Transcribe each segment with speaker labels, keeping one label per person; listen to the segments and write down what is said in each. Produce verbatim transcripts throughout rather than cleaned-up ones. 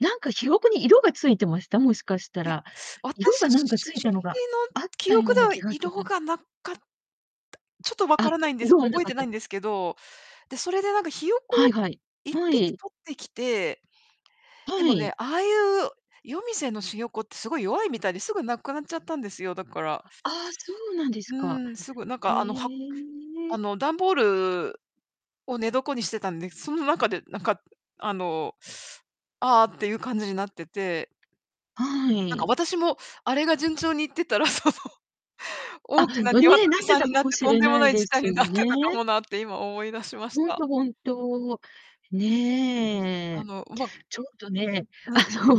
Speaker 1: なんかひよこに色が付いてました、もしかした
Speaker 2: いや、
Speaker 1: ら？
Speaker 2: わた
Speaker 1: 色
Speaker 2: し
Speaker 1: が何か付いたのが、
Speaker 2: の
Speaker 1: あっ
Speaker 2: 記
Speaker 1: たよ
Speaker 2: 憶
Speaker 1: う
Speaker 2: で
Speaker 1: な
Speaker 2: は
Speaker 1: 気がす
Speaker 2: 色
Speaker 1: る。
Speaker 2: がなかった、ちょっと分か
Speaker 1: あ、
Speaker 2: らないんです、
Speaker 1: 色
Speaker 2: も
Speaker 1: は
Speaker 2: う
Speaker 1: な
Speaker 2: 覚え
Speaker 1: かっ
Speaker 2: てないん
Speaker 1: た。
Speaker 2: ですけど、で、それでなんかひよこ
Speaker 1: は
Speaker 2: を
Speaker 1: いはい。
Speaker 2: いっ
Speaker 1: ほ
Speaker 2: ぴき
Speaker 1: い。
Speaker 2: 捕ってきて。で
Speaker 1: は
Speaker 2: もね、
Speaker 1: い。
Speaker 2: ああいう、夜店のしよこってすごい弱いみたいで、すぐ亡くなっちゃったんですよ、だから。
Speaker 1: あああ、そうなんで
Speaker 2: う
Speaker 1: すか。
Speaker 2: ーん、すぐなん
Speaker 1: へ
Speaker 2: かあの、はく
Speaker 1: え。
Speaker 2: あの、段ボールを寝床にしてたんで、その中で、なんか、あの、ああっていう感じになってて
Speaker 1: は
Speaker 2: なんか
Speaker 1: い。
Speaker 2: 私もあれが順調にいってたら、その。
Speaker 1: あ、
Speaker 2: 大きな
Speaker 1: うん、
Speaker 2: 鶏
Speaker 1: ね、なって
Speaker 2: さん
Speaker 1: た
Speaker 2: に
Speaker 1: か
Speaker 2: なっ
Speaker 1: も
Speaker 2: て、
Speaker 1: し
Speaker 2: とん
Speaker 1: れ
Speaker 2: でも
Speaker 1: な
Speaker 2: な
Speaker 1: い
Speaker 2: い
Speaker 1: で
Speaker 2: 事態
Speaker 1: す
Speaker 2: になっ
Speaker 1: よ
Speaker 2: てたか
Speaker 1: ね。
Speaker 2: もなって今思い出しまし
Speaker 1: ほん
Speaker 2: た。
Speaker 1: と、本当。
Speaker 2: あ
Speaker 1: ね。
Speaker 2: の、うまぐ
Speaker 1: ちょっとね、
Speaker 2: うん。
Speaker 1: あの、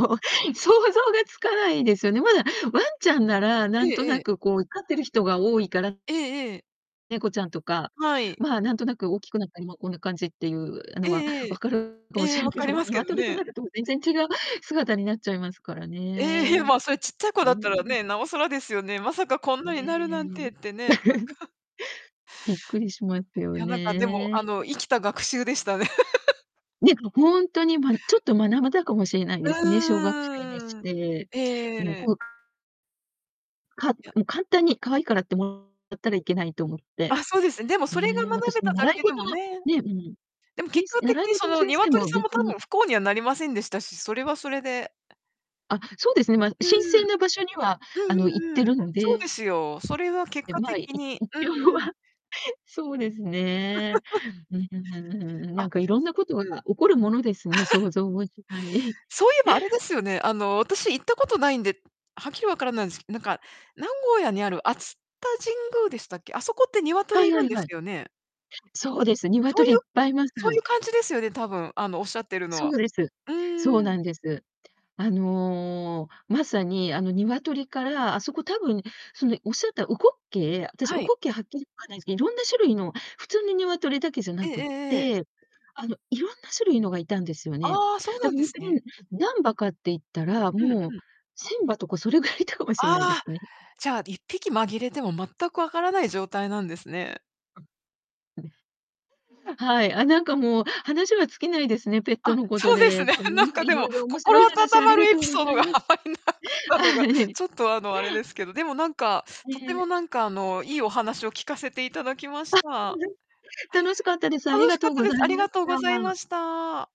Speaker 1: 想像がつかないですよね。まだ、ワンちゃんなら
Speaker 2: え
Speaker 1: 何
Speaker 2: え
Speaker 1: と
Speaker 2: え
Speaker 1: な
Speaker 2: え。
Speaker 1: くこう飼ってる人が多いから
Speaker 2: ええええ。
Speaker 1: 猫ちゃんとか、
Speaker 2: はい。
Speaker 1: ま、なんとなく大きくなったりもこんな感じっていうあ
Speaker 2: え
Speaker 1: のは、
Speaker 2: ええ
Speaker 1: 分
Speaker 2: え。
Speaker 1: かるかも
Speaker 2: え
Speaker 1: し
Speaker 2: え、
Speaker 1: ら
Speaker 2: 分
Speaker 1: け
Speaker 2: か
Speaker 1: ど
Speaker 2: り
Speaker 1: も、
Speaker 2: ますけど
Speaker 1: 鶏と
Speaker 2: ね。
Speaker 1: なると全然違う姿になっちゃいますから
Speaker 2: え、へ、
Speaker 1: ね。
Speaker 2: まあ、それちっちゃい子だ
Speaker 1: ね、
Speaker 2: っ
Speaker 1: う
Speaker 2: たら
Speaker 1: う
Speaker 2: ね、
Speaker 1: ん。
Speaker 2: なおさらですよね。まさかこんなになるなんてっ
Speaker 1: ね。
Speaker 2: てね。なんか。
Speaker 1: びっくりしますよ
Speaker 2: いや、なんかでも、
Speaker 1: ね。
Speaker 2: あの、
Speaker 1: 何
Speaker 2: 生きた学習でしたね。
Speaker 1: ね、ほんとに、ま、ん、ちょっと学ばたかもしれない
Speaker 2: う
Speaker 1: ですね、小学生にし
Speaker 2: ーん。
Speaker 1: て。うん、
Speaker 2: ええ。
Speaker 1: こうか
Speaker 2: いや。
Speaker 1: うん、簡単に可愛いからってもらったらいけないと思って。
Speaker 2: あ、そうですね、でもそれが
Speaker 1: ね、
Speaker 2: 学
Speaker 1: 私
Speaker 2: べ
Speaker 1: も
Speaker 2: ただ
Speaker 1: 習い
Speaker 2: けで
Speaker 1: 事
Speaker 2: も
Speaker 1: の、
Speaker 2: ね。
Speaker 1: ねうん、
Speaker 2: でも、
Speaker 1: てん
Speaker 2: 結
Speaker 1: す
Speaker 2: 果的
Speaker 1: 習い
Speaker 2: に
Speaker 1: 事
Speaker 2: そ
Speaker 1: の
Speaker 2: の
Speaker 1: 先生
Speaker 2: 鶏
Speaker 1: も
Speaker 2: さんも
Speaker 1: 別
Speaker 2: 多
Speaker 1: に
Speaker 2: 分不幸にはなりませんでしたし、それはそれで。え
Speaker 1: あ、そうですね。ま、
Speaker 2: うー
Speaker 1: 新
Speaker 2: ん。
Speaker 1: 鮮な場所には、
Speaker 2: う
Speaker 1: あの、行っ
Speaker 2: んうんう
Speaker 1: て
Speaker 2: ん。
Speaker 1: るの
Speaker 2: そうで
Speaker 1: で
Speaker 2: すよ。それは結
Speaker 1: で、
Speaker 2: 果
Speaker 1: まあ、い
Speaker 2: 的にうー
Speaker 1: 一応
Speaker 2: ん。
Speaker 1: はそうですね。ん ふ、ふんふん。
Speaker 2: あ。
Speaker 1: 何か色んなことが起こるものですね、想像もしない。
Speaker 2: そういえばあれですよね、あの、私行ったことないんで、はっきり分からないんすけなんか、名古屋にある熱田神宮でしたっけ。あそこって
Speaker 1: は
Speaker 2: 鶏い
Speaker 1: いは
Speaker 2: るん
Speaker 1: い
Speaker 2: です
Speaker 1: はい。
Speaker 2: よね？
Speaker 1: そうです。
Speaker 2: そうい
Speaker 1: 鶏いっ
Speaker 2: う、く
Speaker 1: ぱいいます。
Speaker 2: そういう感じですよね、たぶん、あの、おっしゃってるの
Speaker 1: そ
Speaker 2: は。
Speaker 1: うです。
Speaker 2: うー
Speaker 1: そう
Speaker 2: ん。
Speaker 1: なんです。あの、まさにあの、鶏から、あそこ多分、その、いおっしゃった烏骨鶏、え、私、烏
Speaker 2: は
Speaker 1: 骨
Speaker 2: い。
Speaker 1: 鶏はっきりわかんないすけど、色んな種類の、普通の鶏だけじゃ
Speaker 2: え
Speaker 1: な
Speaker 2: えええ
Speaker 1: くっ
Speaker 2: ええええ。
Speaker 1: て、あの、色んな種類のがいたんですよね。
Speaker 2: ああ、そう
Speaker 1: だ
Speaker 2: なん
Speaker 1: かほ
Speaker 2: で
Speaker 1: ん
Speaker 2: す
Speaker 1: と
Speaker 2: ね。
Speaker 1: に、何羽かって言ったら、
Speaker 2: うん
Speaker 1: もう、
Speaker 2: うん。
Speaker 1: せんばとかそれぐらいいたかもしれないで
Speaker 2: ああ、
Speaker 1: すね。
Speaker 2: じゃあ、いっぴき紛れても全く分からない状態なんですね。
Speaker 1: あ、あでふはい、あ、なんかもう話は尽きないですね、ペット
Speaker 2: あ、
Speaker 1: のこと
Speaker 2: そうです
Speaker 1: で。
Speaker 2: ね。
Speaker 1: あ、な
Speaker 2: なん
Speaker 1: んか
Speaker 2: かで
Speaker 1: 色
Speaker 2: も、
Speaker 1: 々面白
Speaker 2: 心
Speaker 1: い
Speaker 2: 温
Speaker 1: 話あ
Speaker 2: ま
Speaker 1: り
Speaker 2: る
Speaker 1: が
Speaker 2: エ
Speaker 1: とう
Speaker 2: ピ
Speaker 1: ご
Speaker 2: ソード
Speaker 1: ざい
Speaker 2: が
Speaker 1: ます。
Speaker 2: た
Speaker 1: あ、
Speaker 2: のが、
Speaker 1: はい。
Speaker 2: ちょっとあの、あれですけど、でもなんか、とて
Speaker 1: ね。
Speaker 2: もなんかあの、いいお話を聞かせていただきまし
Speaker 1: あ、全
Speaker 2: た。
Speaker 1: 然、楽しかったです。あり
Speaker 2: 楽し
Speaker 1: が
Speaker 2: か
Speaker 1: と
Speaker 2: っ
Speaker 1: う
Speaker 2: た
Speaker 1: ご
Speaker 2: で
Speaker 1: ざ
Speaker 2: す。
Speaker 1: い
Speaker 2: あり
Speaker 1: ま
Speaker 2: が
Speaker 1: し
Speaker 2: とう
Speaker 1: た。
Speaker 2: ございました。